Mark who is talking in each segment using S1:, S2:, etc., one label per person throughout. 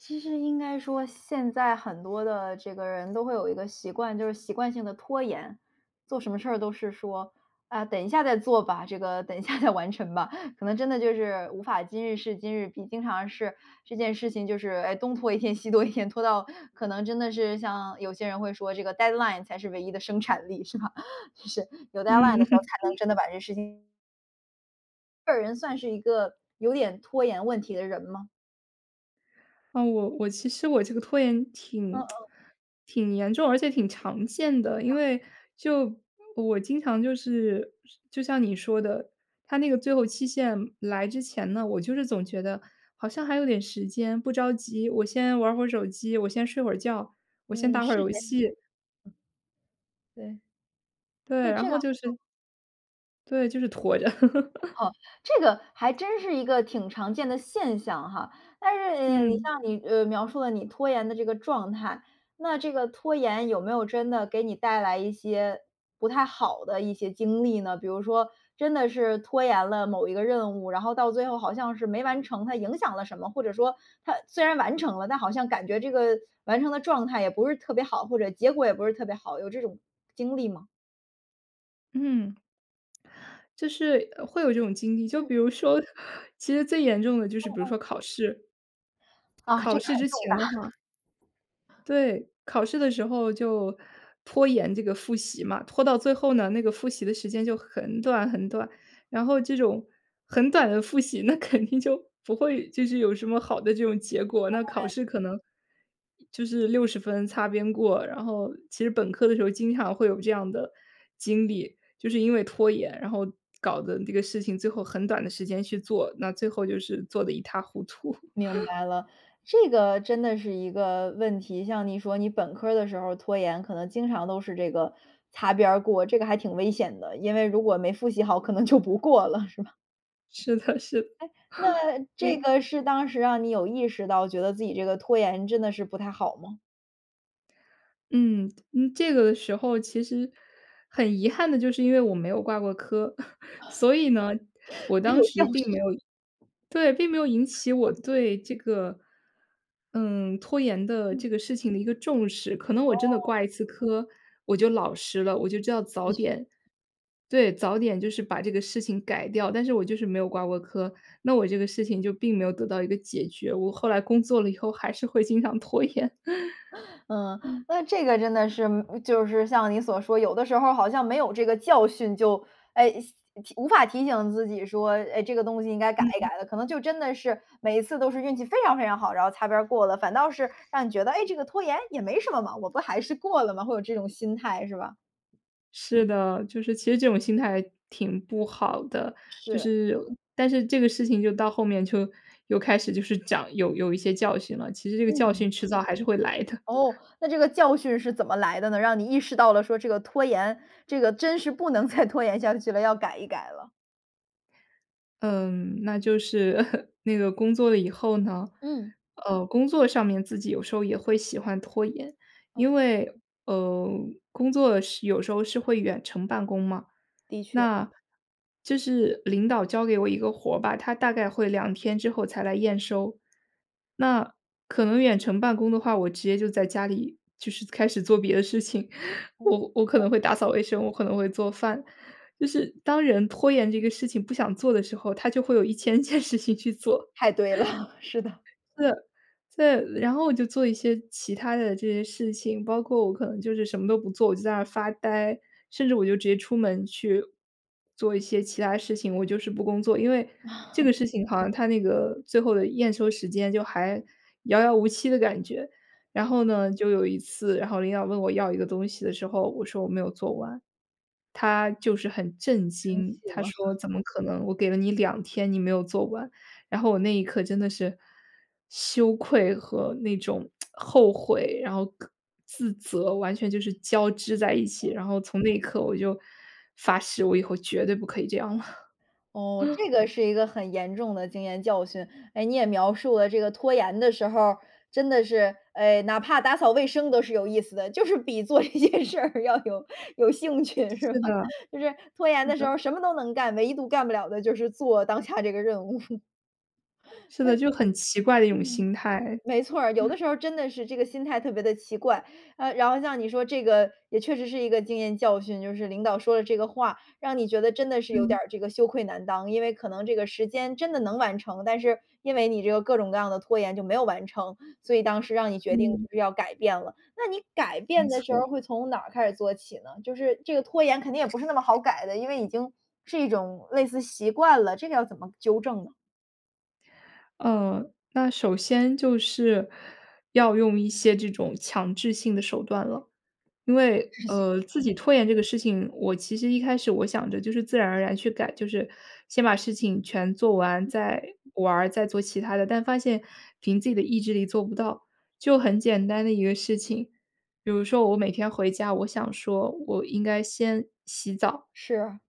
S1: 其实应该说现在很多的这个人都会有一个习惯，就是习惯性地拖延。做什么事儿都是说：“啊，等一下再做吧，这个等一下再完成吧”。可能真的就是无法今日事今日毕。经常是这件事情，就是，哎，东拖一天西拖一天，拖到可能真的是像有些人会说；“这个 deadline 才是唯一的生产力”，是吧？就是，有 deadline 的
S2: 嗯。
S1: 时候，才能 真的把这事情这人算是一个有点拖延问题的人吗？
S2: 呃，我我其实我这个拖延
S1: 嗯
S2: 挺
S1: 嗯。
S2: 挺严重，而且挺常见的。
S1: 是这
S2: 因
S1: 样。
S2: 为就我经常就是就像你说的，它那个最后期限来之前呢，我就是总觉得好像还有点时间，不着急，我先玩会儿手机，我先睡会儿觉，我先
S1: 嗯，
S2: 打会儿
S1: 是
S2: 游
S1: 这样。
S2: 戏。
S1: 嗯。对。所
S2: 对，
S1: 以
S2: 然
S1: 这个
S2: 后就是对，就是拖着。
S1: 哦，这个还真是一个挺常见的现象哈。但是你
S2: 嗯。
S1: 像你，呃，描述了你拖延的这个状态，那这个拖延有没有真的给你带来一些不太好的一些经历呢？比如说，真的是拖延了某一个任务，然后到最后好像是没完成，它影响了什么？或者说它虽然完成了，但好像感觉这个完成的状态也不是特别好，或者结果也不是特别好，有这种经历吗？
S2: 嗯。就是，呃，会有这种经历，就
S1: 嗯。
S2: 比如说，其实最严重的就是
S1: 嗯
S2: 比如
S1: 嗯。
S2: 说考试。呃，
S1: 啊，这
S2: 考
S1: 个
S2: 试
S1: 很
S2: 之
S1: 重
S2: 前
S1: 大。
S2: 的话 对，考试的时候就拖延这个复习嘛，拖到最后呢，那个复习的时间就很短很短，然后这种很短的复习，那肯定就不会就是有什么好的这种结果。
S1: 当
S2: 那考
S1: 然。
S2: 试可能，就是60分擦边过，然后其实本科的时候经常会有这样的经历。就是因为拖延，然后搞得这个事情最后很短的时间去做，那最后就是做得一塌糊涂。
S1: 明 白了，这个真的是一个问题，像你说，你本科儿的时候儿拖延，可能经常都是这个擦边儿过，这个还挺危险的。因为如果没复习好，可能就不过了，是吧？
S2: 是的是的，
S1: 诶，那这
S2: 对。
S1: 个是当时让你有意识到，觉得自己这个拖延真的是不太好么？
S2: 嗯，嗯这个时候其实很遗憾的就是因为我没有挂过科。所以呢，我
S1: 没
S2: 当
S1: 有教
S2: 时并
S1: 训。
S2: 没有对，并没有引起我
S1: 嗯。
S2: 对这个，嗯，拖延的
S1: 嗯。
S2: 这个事情的一个重视。可能我真的
S1: 哦。
S2: 挂一次科我就老实了，我就知道早
S1: 的确。
S2: 点对，早点就是把这个事情改掉，但是我就是没有挂过科，那我这个事情就并没有得到一个解决。我后来工作了以后还是会经常拖延。
S1: 嗯，
S2: 嗯。
S1: 那这个真的是嗯就是像你所说，有的时候儿好像没有这个教训，就，哎，提无法提醒自己说：“诶，这个东西应该改一
S2: 嗯。
S1: 改的”。可能就真的是每一次都是运气非常非常好，然后擦边儿过了，反倒是让你觉得，哎，这个拖延也没什么嘛，我不还是过了吗？会有这种心态，是吧？
S2: 是的，就是其实这种心态挺不好的。就
S1: 是。
S2: 是但是这个事情就到后面，就又开始就是讲有有一些教训了，其实这个教
S1: 嗯。
S2: 训迟早还是会来的。
S1: 哦，那这个教训是怎么来的呢？让你意识到了说这个拖延，这个真是不能再拖延下去了，要改一改了。
S2: 嗯，那就是 那个工作了以后呢，
S1: 嗯。
S2: 呃，工作上面自己有时候也会喜欢拖延。
S1: 哦。
S2: 因为，呃，工作的时有时候是会远程办公嘛，
S1: 的确。
S2: 那就是领导交给我一个活吧，他大概会2天之后才来验收。那可能远程办公的话，我直接就在家里就是开始做别的事情。
S1: 嗯。
S2: 我我可能会打扫卫生，我可能会做饭，就是当人拖延这个事情不想做的时候，他就会有1000件事情去做。
S1: 太对了，是的。嗯。
S2: 呃，再再然后我就做一些其它的这些事情，包括我可能就是什么都不做，我就在那儿发呆，甚至我就直接出门去做一些其它事情，我就是不工作。因为这 个事情好像他那个最后的验收时间，就还遥遥无期的感觉。然后呢，就有一次，然后领导问我要一个东西的时候，我说我没有做完，他就是很震
S1: 生
S2: 惊，
S1: 气
S2: 他
S1: 吗？
S2: 说 怎么可能我给了你2天你没有做完？然后我那一刻真的是羞愧和那种 后悔，然后各自责完全就是交织在一起，
S1: 嗯。
S2: 然后从那一刻我就发誓我以后绝对不可以这样了。
S1: 哦，这个是一个很严重的经验教训。哎，你也描述了这个拖延的时候儿，真的是，哎，哪怕打扫卫生都是有意思的，就是比做一件事儿要有有兴趣是
S2: 是的，
S1: 吧？就是拖延
S2: 是
S1: 的时
S2: 的。
S1: 候什么都能干，唯独干不了的就是做当下这个任务。
S2: 是
S1: 所
S2: 的，
S1: 以，
S2: 就很奇怪的一种
S1: 嗯，
S2: 心态。
S1: 没错儿，有的 时候儿真的是这个心态特别地奇怪。呃，然后像你说这个也确实是一个经验教训，就是领导说了这个话，让你觉得真的是有
S2: 嗯。
S1: 点儿这个羞愧难当，因为可能这个时间真的能完成，但是因为你这个各种各样的拖延就没有完成，所以当时让你决定
S2: 嗯。
S1: 就是要改变了。那你改
S2: 没
S1: 变的时候
S2: 错。
S1: 儿会从哪儿开始做起呢？就是这个拖延肯定也不是那么好改的，因为已经是一种类似习惯了，这个要怎么纠正呢？
S2: 呃，那首先就是，要用一些这种强制性的手段了。因
S1: 强
S2: 为，
S1: 制性，
S2: 呃，自
S1: 嗯。
S2: 己拖延这个事情，我其实一开始我想着就是自然而然去改，就是先把事情全做完
S1: 嗯。
S2: 再玩儿，再做其他的，但发现凭自己的意志力做不到。就很简单的一个事情，比如说我每天回家，我想说我应该先洗澡
S1: 是啊。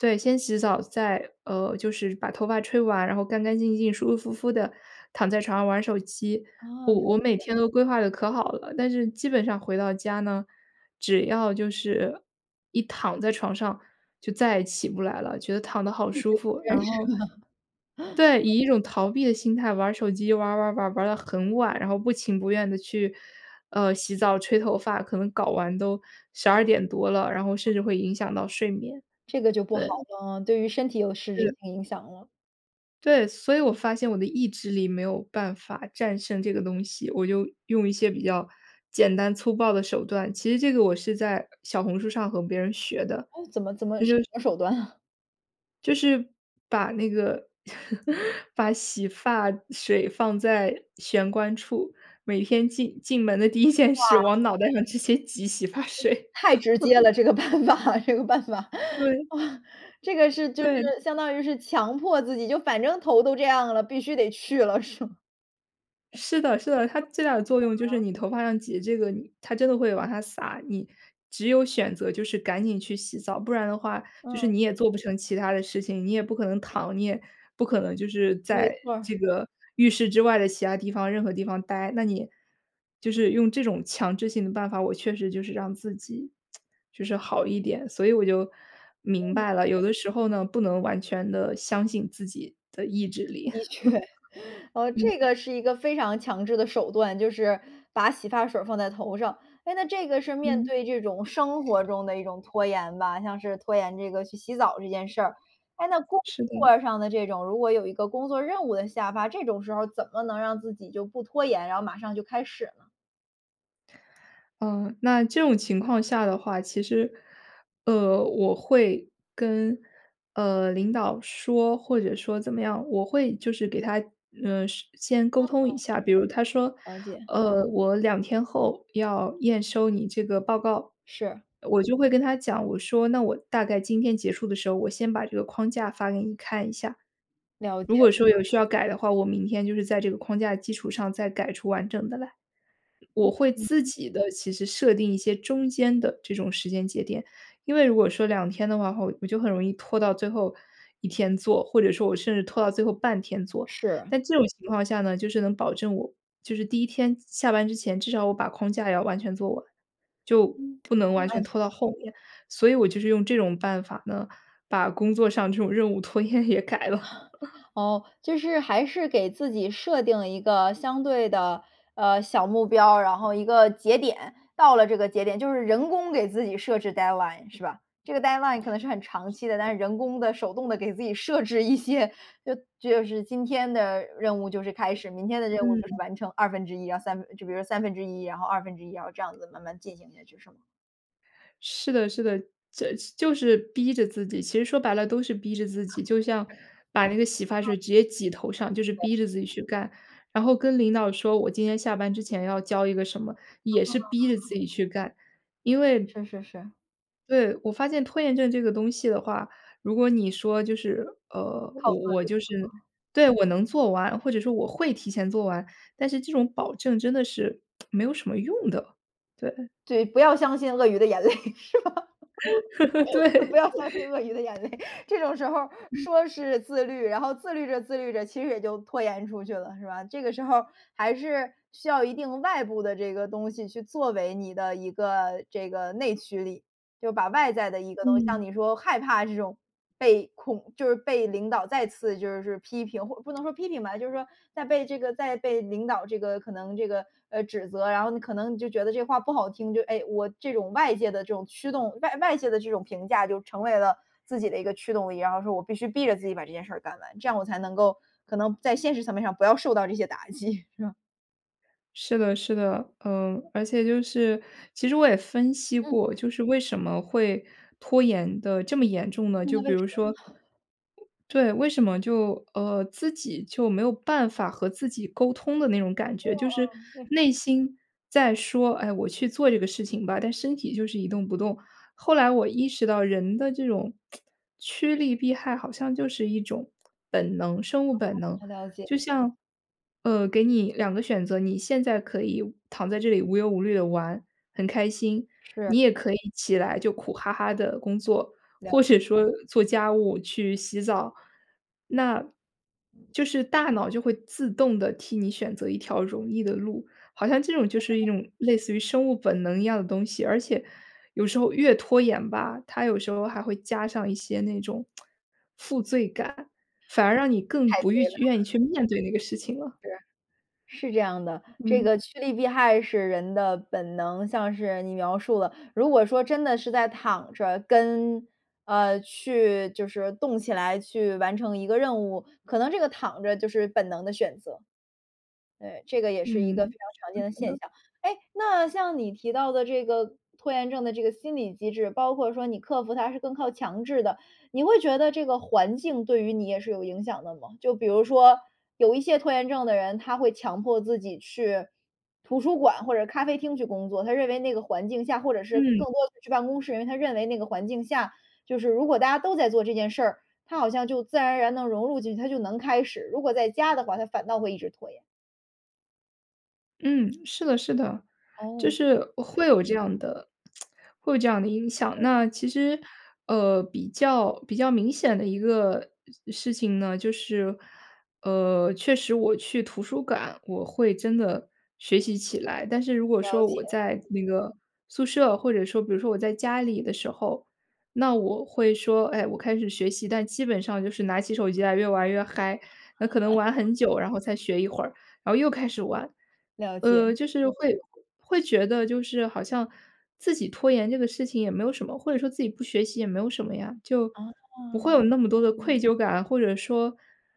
S2: 对，先洗澡再呃，就是把头发吹完，然后干干净净、舒舒服服地躺在床上玩儿手机。
S1: 哦，
S2: 我
S1: 了
S2: 我每
S1: 解。
S2: 天都规划得可好了，但是基本上回到家呢，只要就是一躺在床上就再也起不来了，觉得躺得好
S1: 一直
S2: 舒
S1: 不
S2: 服。
S1: 认
S2: 然
S1: 识
S2: 后对，
S1: 吗？
S2: 以一种逃避的心态玩儿手机，玩儿玩儿玩儿，玩儿得很晚，然后不情不愿地去，呃，洗澡吹头发，可能搞完都12:00多了，然后甚至会影响到睡眠，
S1: 这个就不好
S2: 对。
S1: 了，嗯，对于身体有实质
S2: 是。
S1: 性影响了。
S2: 对，所以我发现我的意志力没有办法战胜这个东西，我就用一些比较简单粗暴的手段，其实这个我是在小红书上和别人学的，
S1: 哦，怎么怎么什
S2: 这就是
S1: 么手段啊？
S2: 就是把那个，把洗发水放在玄关处，每天进进门的第1件事
S1: 哇。
S2: 往脑袋上直接挤洗发水。
S1: 太直接 了，这个办法，这个办法。
S2: 对。
S1: 这个是就是
S2: 对。
S1: 相当于是强迫自己，就反正头都这样了，必须得去了是吗？
S2: 是的，是的，它最大的作用就是 你头发上挤这个它真的会往下撒，你只有选择就是赶紧去洗澡，不然的话就
S1: 嗯。
S2: 是你也做不成其他的事情，你也不可能躺，你也不可能就是
S1: 没
S2: 在
S1: 错儿。
S2: 这个浴室之外的其它地方任何地方呆。那你就是用这种强制性的办法，我确实就是让自己 就是好一点，所以我就明
S1: 嗯。
S2: 白了，有的时候呢，不能完全地相信自己的意志力。
S1: 的确，呃，这
S2: 嗯。
S1: 个是一个非常强制的手段，就是把洗发水儿放在头上，哎，那这个是面
S2: 嗯。
S1: 对这种生活中的一种拖延吧，像是拖延这个去洗澡这件事儿。哎，那工
S2: 是的。
S1: 作上的这种，如果有一个工作任务的下发，这种时候儿怎么能让自己就不拖延，然后马上就开始呢？
S2: 嗯，那这种情况下的话，其实，呃，我会跟，呃，领导说，或者说怎么样。我会就是给他，呃，事先沟通
S1: 嗯。
S2: 一下，比如他说：
S1: 了解。
S2: “呃，我2天后要验收你这个报告。”
S1: 是。
S2: 我就会跟他讲，我说：“那我大概今天结束的时候，我先把这个框架发给你看一下。
S1: 了
S2: 如
S1: 解。
S2: 果说有需要改的话，我明天就是在这个框架的基础上，再改出完整的来。”我
S1: 嗯
S2: 会
S1: 嗯。
S2: 自己的其实设定一些中间的这种时间节点。因为如果说2天的话后，我就很容易拖到最后一天做，或者说我甚至拖到最后半天做。
S1: 是。
S2: 但这种情况下呢，就是能保证我就是第1天下下班之前，至少我把框架要完全做完，就
S1: 嗯，
S2: 不能
S1: 好
S2: 完全
S1: 办
S2: 拖到
S1: 法。
S2: 后面。所以我就是用这种办法呢，把工作上这种任务拖延也改了。
S1: 哦，就是还是给自己设定了一个相对的，呃，小目标，然后一个节点，到了这个节点就是人工给自己设置 deadline 是吧？这个 deadline 可能是很长期的，但是人工地、手动地给自己设置一些，就就是今天的任务就是开始，明天的任务就是
S2: 嗯。
S1: 完成1/2，然后3分就比如说1/3，然后1/2，然后这样子慢慢进行下去，是吗？
S2: 是的，是的，这就是逼着自己，其实说白了都是逼着自
S1: 嗯，
S2: 己，就像
S1: 是。
S2: 把那个洗发
S1: 嗯。
S2: 水直接挤头上，就是
S1: 对。
S2: 逼着自己去干，然后跟领导说，我今天下班之前要交一个什么，也
S1: 哦。
S2: 是逼着自己去干，因为
S1: 是是是。
S2: 对，我发现拖延症这个东西的话，如果你说就是呃，
S1: 靠
S2: 我
S1: 自
S2: 我
S1: 律，
S2: 就
S1: 是
S2: 是
S1: 吗？
S2: 对，我能做完，或者说我会提前做完，但是这种保证真的是，没有什么用的。对。
S1: 对，不要相信鳄鱼的眼泪是吧？不
S2: 对。
S1: 要相信鳄鱼的眼泪，这种时候儿
S2: 嗯。
S1: 说是自律，然后自律着、自律着，其实也就拖延出去了是吧，这个时候还是需要一定外部的这个东西去作为你的一个这个内驱力，就把外在的一个东西，
S2: 嗯。
S1: 像你说害怕这种被恐就是被领导再次就是批评或不能说批评吧，就是说在被这个在被领导这个可能这个，呃，指责。然后你可能你就觉得这话不好听，就哎，我这种外界的这种驱动，外外界的这种评价就成为了自己的一个驱动力，然后说我必须逼着自己把这件事儿干完，这样我才能够可能在现实层面上不要受到这些打击是吧？
S2: 是的是的，嗯，而且就是，其实我也分析
S1: 嗯。
S2: 过，就是为什么会拖延得这么严重呢？就
S1: 那为
S2: 比如
S1: 什么？
S2: 说 对，为什么就呃，自己就没有办法和自己沟通的那种感
S1: 呃，
S2: 觉。就是
S1: 啊。对。
S2: 内心在说：“哎，我去做这个事情吧。”但身体就是一动不动，后来我意识到人的这种 驱利避害，好像就是一种本能生物
S1: 哦，
S2: 本能。
S1: 呃，了解。
S2: 就像，呃，给你2个选择，你现在可以躺在这里无忧无虑地玩，很开心。
S1: 是。
S2: 你也可以起来就苦哈哈地工作，
S1: 了
S2: 或者说做家务、去洗澡。那就是大脑就会自动地替你选择一条容易的路，好像这种就是一种类似于生物本能一样的东西，而且有时候越拖延吧，它有时候还会加上一些那种 负罪感，反而让你更
S1: 太
S2: 不欲
S1: 对了。
S2: 愿意去面对那个事情了。
S1: 是，是这样的，这
S2: 嗯。
S1: 个趋利避害是人的本能。像是你描述了，如果说真的是在躺着，跟呃，去就是动起来去完成一个任务，可能这个躺着就是本能的选择。对，这个也是一个非
S2: 嗯，
S1: 常常见的
S2: 是
S1: 现
S2: 的。
S1: 象。诶，那像你提到的这个拖延症的这个心理机制，包括说你克服它是更靠强制的。你会觉得这个环境对于你，也是有影响的吗？就比如说，有一些拖延症的人，他会强迫自己去图书馆或者咖啡厅去工作，他认为那个环境下或者是
S2: 嗯。
S1: 更多地去办公室，因为他认为那个环境下，就是如果大家都在做这件事儿，他好像就自然而然地融入进去，他就能开始。如果在家的话，他反倒会一直拖延。
S2: 嗯，是的是的，就
S1: 哦。
S2: 是会有这样的会有这样的影响。那其实，呃，比较比较明显的一个事情呢，就是，呃，确实我去图书馆，我会真的学习起来。但是如果
S1: 了
S2: 说，
S1: 解。
S2: 我在那个宿舍或者说比如说我在家里的时候，那我会说，哎，我开始学习，但基本上就是拿起手机来越玩越嗨，那可能玩 很久，然后才学一会儿，然后又开始玩。
S1: 了
S2: 呃，
S1: 解。
S2: 就是会会觉得，就是好像自己拖延这个事情也没有什么，或者说自己不学习也没有什么呀，就不会有
S1: 哦。
S2: 那么多的愧疚感，或者说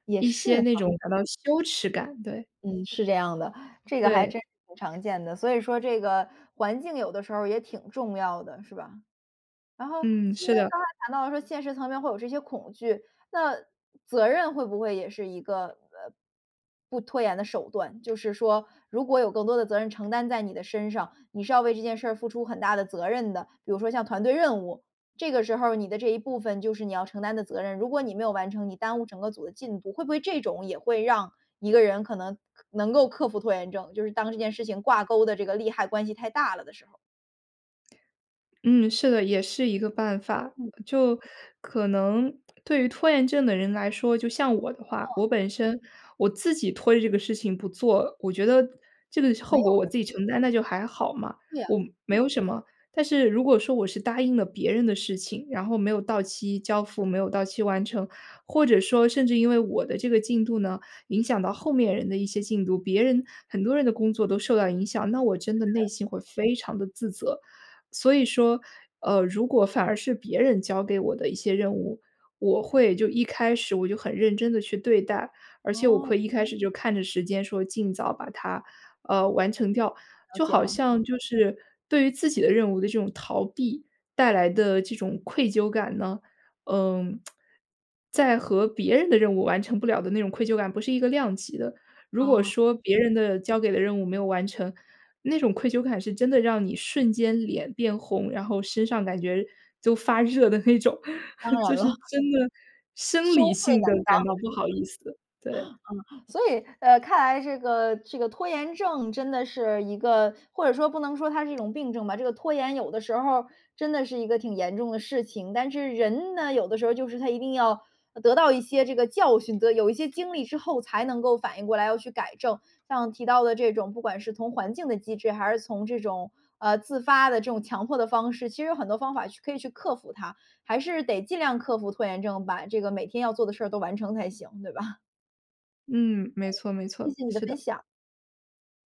S1: 也
S2: 一些
S1: 是
S2: 那
S1: 哈。
S2: 种感到羞耻感，对。
S1: 嗯，是这样的，这个还
S2: 对。
S1: 真是挺常见的，所以说这个环境有的时候儿也挺重要的，是吧？然后，
S2: 嗯，
S1: 其实
S2: 是的。
S1: 刚才谈到说，现实层面会有这些恐惧，那责任会不会也是一个，呃，不拖延的手段？就是说，如果有更多的责任承担在你的身上，你是要为这件事儿付出很大的责任的。比如说像团队任务，这个时候儿你的这一部分就是你要承担的责任。如果你没有完成，你耽误整个组的进度，会不会这种也会让一个人，可能可能够克服拖延症，就是当这件事情挂钩的这个利害关系太大了的时候。
S2: 嗯，是的，也是一个办法。
S1: 嗯。
S2: 就可能对于拖延症的人来说，就像我的话，
S1: 嗯。
S2: 我本身我自己拖着这个事情不做，我觉得这个
S1: 没
S2: 后果
S1: 有
S2: 我
S1: 人。
S2: 自己承担，那就还好嘛，
S1: 对啊。
S2: 我没有什么。但是如果说我是答应了别人的事情，然后没有到期交付，没有到期完成，或者说甚至因为我的这个进度呢，影响到后面人的一些进度，别人很多人的工作都受到影响，那我真的内心会非常地自责。所以说，呃，如果反而是别人交给我的一些任务，我会就一开始我就很认真地去对待，而且我
S1: 哦。
S2: 会一开始就看着时间说尽早把它呃，完成掉。
S1: 了
S2: 就
S1: 解
S2: 好
S1: 了。
S2: 像就是，对于自己的任务的这种逃避，带来的这种愧疚感呢，嗯，在和别人的任务完成不了的那种愧疚感不是一个量级的。如果
S1: 哦。
S2: 说别人的交给的任务没有完成，那种愧疚感是真的让你瞬间脸变红，然后身上感觉都发热的那种。
S1: 当
S2: 就
S1: 然了。
S2: 是 真的生
S1: 羞
S2: 理
S1: 愧难
S2: 性地感到不好意思。对。
S1: 当，是吗？嗯，所以，呃，看来这个这个拖延症真的是一个或者说不能说它是一种病症吧，这个拖延有的时候儿真的是一个挺严重的事情。但是人呢，有的时候就是他一定要呃得到一些这个教训的有一些经历之后才能够反应过来，要去改正。像提到的这种不管是从环境的机制，还是从这种，呃，自发的这种强迫的方式，其实有很多方法去可以去克服它，还是得尽量克服拖延症，把这个每天要做的事儿都完成才行，对吧？
S2: 嗯，没
S1: 嗯。
S2: 错，没
S1: 谢
S2: 错，
S1: 谢你的
S2: 是
S1: 分
S2: 的。
S1: 享。